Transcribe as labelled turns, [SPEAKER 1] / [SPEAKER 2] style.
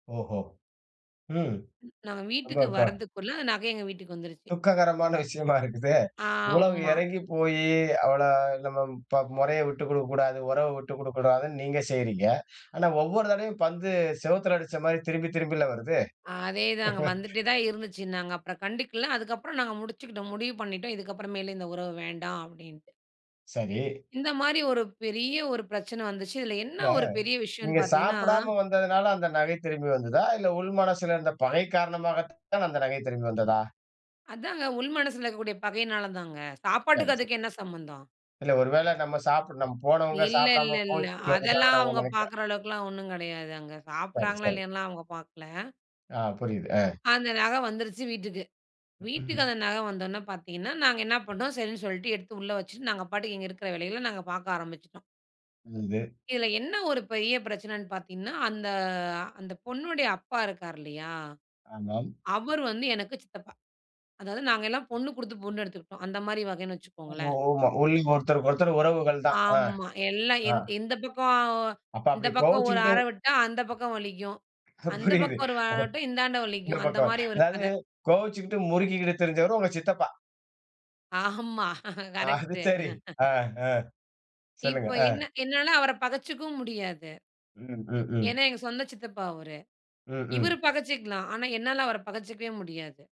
[SPEAKER 1] ஓஹோ. ம்.
[SPEAKER 2] ம், நம்ம
[SPEAKER 1] [unintelligible]
[SPEAKER 2] வீட்டுக்கு
[SPEAKER 1] இருக்கா?
[SPEAKER 2] வர்றதுக்குள்ள நகை எங்க வீட்டுக்கு வந்துருச்சு.
[SPEAKER 1] துக்ககரமான விஷயமா இருக்குதே. இவ்ளோ
[SPEAKER 2] ஆமா.
[SPEAKER 1] இறங்கி போயி அவள நம்ம ப முறைய விட்டு குடுக்கக்கூடாது, உறவ விட்டு குடுக்கக்கூடாதுன்னு நீங்க செய்யறீங்க. ஆனா ஒவ்வொரு தடவையும் பந்து செவுத்துல அடிச்ச மாரி திரும்பி திரும்பில வருது.
[SPEAKER 2] அதேதாங்க. வந்துட்டேதான் இருந்துச்சு. நாங்க அப்பறம் கண்டுக்கல. அதுக்கப்பறம் நாங்க முடிச்சுக்கிட்டோம். முடிவு பண்ணிட்டோம். இதுக்கப்பறமேல இந்த உறவு வேண்டாம் அப்டின்டு.
[SPEAKER 1] சரி.
[SPEAKER 2] இந்த மாரி ஒரு பெரிய ஒரு பிரச்சன வந்துச்சு. இதுல என்ன
[SPEAKER 1] இல்ல,
[SPEAKER 2] ஒரு பெரிய விஷயம்னு
[SPEAKER 1] நீங்க
[SPEAKER 2] பாத்தீங்கன்னா
[SPEAKER 1] சாப்படாம வந்ததுனால அந்த நகை திரும்பி வந்துதா? இல்ல உள் மனசுல இருந்த பகை காரணமாகத்தான் அந்த நகை திரும்பி வந்ததா?
[SPEAKER 2] அதாங்க உள் மனசுல இருக்கக்கூடிய பகைனாலதாங்க.
[SPEAKER 1] சரி.
[SPEAKER 2] சாப்பாட்டுக்கும்
[SPEAKER 1] ச
[SPEAKER 2] அதுக்கும் என்ன சம்பந்தம்?
[SPEAKER 1] இல்ல ஒருவேள நம்ம சாப்ட் நம்ம போனவங்க
[SPEAKER 2] இல்ல
[SPEAKER 1] சாப்படாம
[SPEAKER 2] இல்லல்ல.
[SPEAKER 1] கோச்சுட்டு
[SPEAKER 2] அதெல்லாம்
[SPEAKER 1] வந்துடாங்கன்னு அவங்க
[SPEAKER 2] அவங்க
[SPEAKER 1] நினைக்குறேன்.
[SPEAKER 2] பாக்குற அளவுக்குலாம் ஒண்ணுங் கிடையாது. அங்க
[SPEAKER 1] சரி,
[SPEAKER 2] சாப்டாங்களா
[SPEAKER 1] சரி.
[SPEAKER 2] இல்லையான்னுலாம் அவங்க பாக்கல.
[SPEAKER 1] அ. புரியுது. அ.
[SPEAKER 2] அந்த நக வந்துருச்சு வீட்டுக்கு. வீட்டுக்கு
[SPEAKER 1] ம்.
[SPEAKER 2] அந்த நக வந்துடனே பாத்தீங்கன்னா நாங்க என்ன பண்டோம். சரின்னு சொல்லிட்டு எடுத்து உள்ள வச்சுட்டு நாங்க பாட்டுக்கு எங்க இருக்கிற வேலைகல நாங்க பாக்க ஆரம்பிச்சிட்டோம்.
[SPEAKER 1] புரிது.
[SPEAKER 2] இதுல என்ன ஒரு பெரிய பிரச்சனன்னு பாத்தீங்கன்னா, அந்த அந்தப் பொண்ணோடய அப்பா இருக்காரு இல்லையா?
[SPEAKER 1] ஆமாம்.
[SPEAKER 2] அவரு வந்து எனக்கு சித்தப்பா. அதாவது நாங்க எல்லாம் பொண்ணு கொடுத்து பொண்ணு எடுத்துக்கிட்டோம். அந்த மாரி வகனு
[SPEAKER 1] ஆமா.
[SPEAKER 2] வச்சுக்கோங்களேன்.
[SPEAKER 1] ஒமா. [unintelligible] ஒருத்தருக்கொருத்தர் உறவுகள்தான். அ.
[SPEAKER 2] ஆமா. எல்லா
[SPEAKER 1] ஆ.
[SPEAKER 2] எந் எந்த பக்கம்.
[SPEAKER 1] அப்ப
[SPEAKER 2] இந்த
[SPEAKER 1] அப்டி
[SPEAKER 2] பக்கம் ஒரு
[SPEAKER 1] கோவச்சுக்கிட்டு
[SPEAKER 2] அறவிட்டா அந்த பக்கம் வலிக்கும். அந்தப்
[SPEAKER 1] புரியுது.
[SPEAKER 2] பக்கம் ஒரு
[SPEAKER 1] அத
[SPEAKER 2] அறவிட்டா இந்தாண்ட
[SPEAKER 1] இந்த
[SPEAKER 2] வலிக்கும். அந்த
[SPEAKER 1] பக்கம்.
[SPEAKER 2] மாரி ஒரு
[SPEAKER 1] அதாது
[SPEAKER 2] கத.
[SPEAKER 1] கோவச்சுக்கிட்டு முருக்கிக்கிட்டு திரிஞ்சவரு உங்க சித்தப்பா.
[SPEAKER 2] ஆமா.
[SPEAKER 1] அது
[SPEAKER 2] கரெக்ட்டு.
[SPEAKER 1] சரி. அ. அ. சொல்லுங்க.
[SPEAKER 2] இப்ப என்ன
[SPEAKER 1] அ.
[SPEAKER 2] என்னால அவர பகைச்சுக்கவும் முடியாது.
[SPEAKER 1] ம், ம், ம்.
[SPEAKER 2] ஏன்னா, எங்க சொந்த சித்தப்பா அவரு.
[SPEAKER 1] ம், ம்.
[SPEAKER 2] இவரு பகைச்சிக்கலாம். ஆனா என்னால அவர பகைச்சுக்கவே முடியாது.